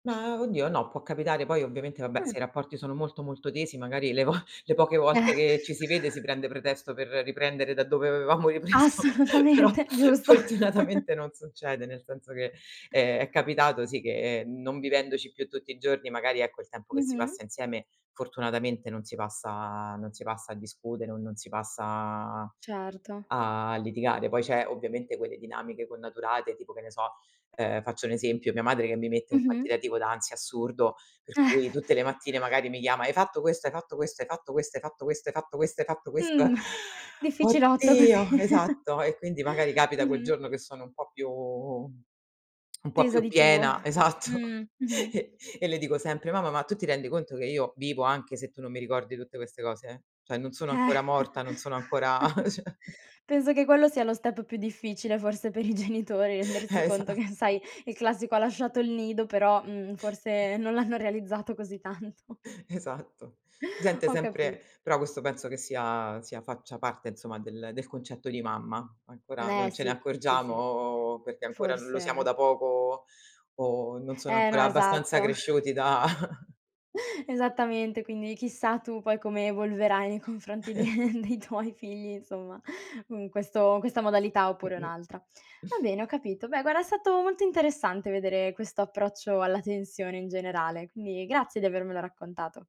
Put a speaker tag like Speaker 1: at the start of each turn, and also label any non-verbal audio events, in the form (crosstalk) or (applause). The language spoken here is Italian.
Speaker 1: Ma, oddio no, può capitare, poi ovviamente, vabbè,
Speaker 2: Mh.
Speaker 1: se i rapporti sono molto, molto tesi magari le vo le poche volte
Speaker 2: Eh.
Speaker 1: che ci si vede, si prende pretesto per riprendere da dove avevamo ripreso, però
Speaker 2: Assolutamente, giusto.
Speaker 1: fortunatamente non succede, nel senso che, ehm, è capitato, sì, che, non vivendoci più tutti i giorni, magari ecco il tempo che si
Speaker 2: Mh-mh.
Speaker 1: passa insieme, fortunatamente non si passa non si passa a discutere, o non si passa
Speaker 2: Certo.
Speaker 1: a litigare. Poi c'è ovviamente quelle dinamiche connaturate, tipo che ne so, ehm, faccio un esempio: mia madre che mi mette un
Speaker 2: Mh-mh.
Speaker 1: quantitativo da ansia assurdo. Per cui
Speaker 2: Eh.
Speaker 1: tutte le mattine magari mi chiama: "Hai fatto questo? Hai fatto questo? Hai fatto questo? Hai fatto questo? Hai fatto questo? Hai fatto questo?"
Speaker 2: Mh, (inhales)
Speaker 1: (inhales)
Speaker 2: difficilotto così
Speaker 1: Oddio
Speaker 2: (inhales)
Speaker 1: esatto. E quindi magari capita quel
Speaker 2: mh-mh.
Speaker 1: giorno che sono un po' più (smacks lips) un po'
Speaker 2: Tesa
Speaker 1: più
Speaker 2: di tuo,
Speaker 1: piena esatto.
Speaker 2: mh, mh-mh.
Speaker 1: E le e le dico sempre: "Mamma, ma tu ti rendi conto che io vivo anche se tu non mi ricordi tutte queste cose? Cioè, non sono
Speaker 2: Eh,
Speaker 1: ancora morta, non sono ancora"
Speaker 2: (chuckles)
Speaker 1: Cioè
Speaker 2: penso che quello sia lo step più difficile, forse, per i genitori, rendersi
Speaker 1: Eh,
Speaker 2: conto
Speaker 1: esatto.
Speaker 2: che sai, il classico "ha lasciato il nido," però, mhmm, forse non l'hanno realizzato così tanto.
Speaker 1: Esatto, si sente
Speaker 2: Ho
Speaker 1: sempre
Speaker 2: capito.
Speaker 1: però questo, penso che sia sia faccia parte, insomma, del concetto di mamma. Ancora
Speaker 2: Eh
Speaker 1: non ce ne
Speaker 2: sì, sì, sì.
Speaker 1: accorgiamo, perché ancora lo siamo
Speaker 2: Forse
Speaker 1: da poco, o non sono
Speaker 2: Eh no,
Speaker 1: ancora abbastanza
Speaker 2: esatto.
Speaker 1: cresciuti da
Speaker 2: (chuckles) Esattamente, quindi chissà tu poi come evolverai nei confronti
Speaker 1: (chuckles)
Speaker 2: dei dei tuoi figli, insomma, (inhales) in questo questa modalità oppure
Speaker 1: Mh-mh.
Speaker 2: un'altra. Va bene, ho capito. Beh, guarda, è stato molto interessante vedere questo approccio alla tensione in generale, quindi grazie di avermelo raccontato.